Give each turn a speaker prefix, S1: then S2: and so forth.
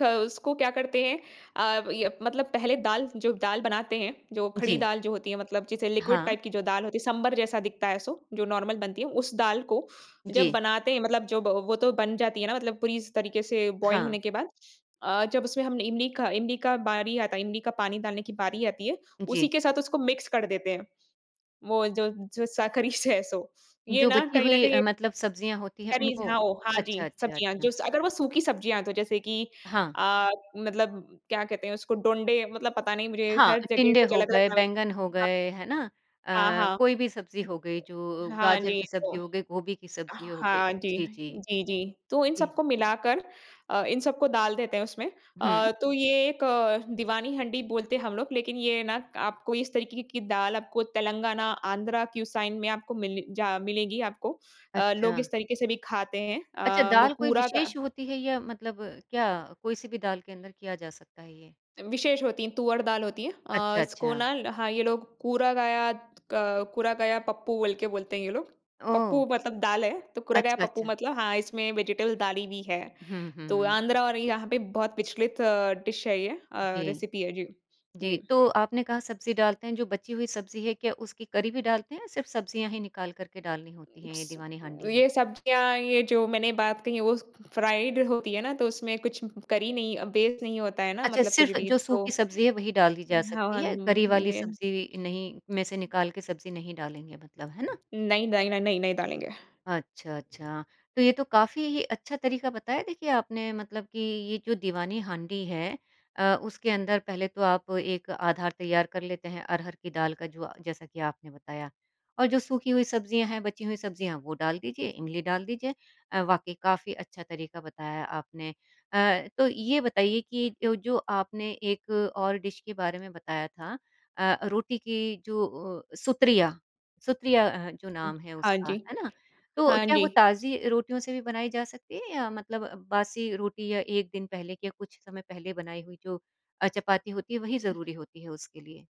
S1: ख उसको क्या करते हैं अ, ये मतलब पहले दाल जो दाल बनाते हैं जो खड़ी
S2: जी।
S1: दाल जो होती है मतलब जैसे लिक्विड
S2: हाँ।
S1: टाइप की जो दाल होती है सांभर जैसा दिखता है सो जो नॉर्मल बनती है उस दाल को जब
S2: जी।
S1: बनाते हैं मतलब जब वो तो बन जाती है ना मतलब पूरी स तरीके से बॉयल
S2: हाँ।
S1: होने के बाद। अ, जब उसमें हम इमली का इमली का बारी आता है इमली का पानी डालने की बारी आती है, उसी
S2: जी।
S1: के साथ उसको मिक्स कर देते हैं। वो जो जो साखरी स सो, ये
S2: जो
S1: ना
S2: बची
S1: कहीं न
S2: हुई
S1: कहीं
S2: अ,
S1: ए
S2: मतलब सब्जियाँ होती हैं
S1: करीज़
S2: उनको?
S1: हाँ, ओ, हाँ जी,
S2: अच्छा, अच्छा,
S1: सब्जियाँ जो
S2: अच्छा।
S1: स अगर वो सूखी सब्जियाँ तो जैसे कि
S2: हाँ।
S1: अ, मतलब क्या कहते हैं उसको? डोंडे मतलब पता नहीं मुझे
S2: हाँ,
S1: हर जगह
S2: टिंडे
S1: कुछ
S2: हो
S1: अलग-अलग
S2: गए,
S1: नाम है,
S2: बैंगन हो
S1: हाँ।
S2: गए, है ना?
S1: हाँ,
S2: अ,
S1: हाँ।
S2: कोई भी सब्ज़ी हो गई जो
S1: हाँ
S2: गाजर
S1: जी,
S2: की
S1: तो
S2: सब्ज़ी हो गई गोभी की सब्ज़ी हो गई।
S1: हाँ जी।
S2: जी, जी।
S1: जी, जी। तो इन
S2: जी।
S1: सबको मिलाकर अ, इन सबको डाल देते हैं उसमें।
S2: हुँ।
S1: अ, तो ये एक दीवानी हंडी बोलते हैं हम लोग, लेकिन ये ना आपको इस तरीके की दाल आपको तेलंगाना, आन्ध्रा क्यू साइन में आपको मिले जा मिलेगी आपको, अ, लोग
S2: अच्छा।
S1: इस तरीके से भी खाते हैं
S2: अच्छा
S1: अ,
S2: दाल
S1: लोग
S2: कोई
S1: कूरा का
S2: विशेष होती है या मतलब क्या कोई-सी भी दाल के अंदर किया जा सकता है ये?
S1: विशेष होती है, तुअर दाल होती है। अ,
S2: अच्छा,
S1: इसको
S2: अच्छा।
S1: ना ल हाँ, ये लोग कुरा गयात क कुरा गया पप्पू बोल के बोलते हैं ये लोग। पप्पू
S2: ओह!
S1: मतलब दाल है, तो कुरा गया
S2: अच्छा,
S1: पप्पू
S2: अच्छा।
S1: मतलब हाँ, इसमें वेजिटेबल डाली भी है
S2: हुँ,
S1: तो
S2: हुँ।
S1: आंध्रा और यहाँ पे बहुत प्रचलित डिश है ये अ,
S2: जी।
S1: रेसिपी है, जी।
S2: जी,
S1: जी।
S2: तो आपने कहा सब्ज़ी डालते हैं जो बची हुई सब्ज़ी है क्या उसकी करी भी डालते हैं सिर्फ सब्ज़ियाँ ही निकाल कर के डालनी होती है ये दीवानी हांडी में?
S1: ये सब्जियाँ ये जो मैंने बात कही वो फ्राइड होती है ना तो उसमें कुछ करी नहीं अ, बेस नहीं होता है ना
S2: अच्छा
S1: मतलब कुछ
S2: सिर्फ़
S1: भी
S2: जो
S1: तो,
S2: सूखी सब्ज़ी है वही डाल दी जा
S1: उम, हाँ,
S2: सकती
S1: हाँ
S2: है
S1: उम,
S2: करी वाली
S1: ने
S2: सब्ज़ी नहीं में से निकाल के सब्ज़ी नहीं डालेंगे मतलब, है ना?
S1: नई, दाय ना नई नई डालेंगे।
S2: अच्छा, अच्छा। तो ये तो काफ़ी अच्छा तरीका बताया देखिए आपने मतलब कि ये जो दीवानी हांडी है अ, उसके अंदर पहले तो आप एक आधार तैयार कर लेते हैं अरहर की दाल का जो जैसा कि आपने बताया, और जो सूखी हुई सब्जियाँ हैं बची हुई सब्जियाँ वो डाल दीजिए इमली डाल दीजिए। अ, वाक़ई काफ़ी अच्छा तरीका बताया आपने। अ, तो ये बताइए कि जो जो आपने एक और डिश के बारे में बताया था अ, रोटी की जो अ, सुत्रिया सुत्रिया अ, जो
S1: हाँ।
S2: नाम है
S1: हाँ
S2: उसका,
S1: जी,
S2: है ना? तो
S1: हाँ
S2: क्या वो
S1: जी।
S2: ताजी रोटियों से भी बनाई जा सकती है या मतलब बासी रोटी या 1 दिन पहले के कुछ समय पहले बनाई हुई जो अ, चपाती होती है वही ज़रूरी होती है उसके लिए?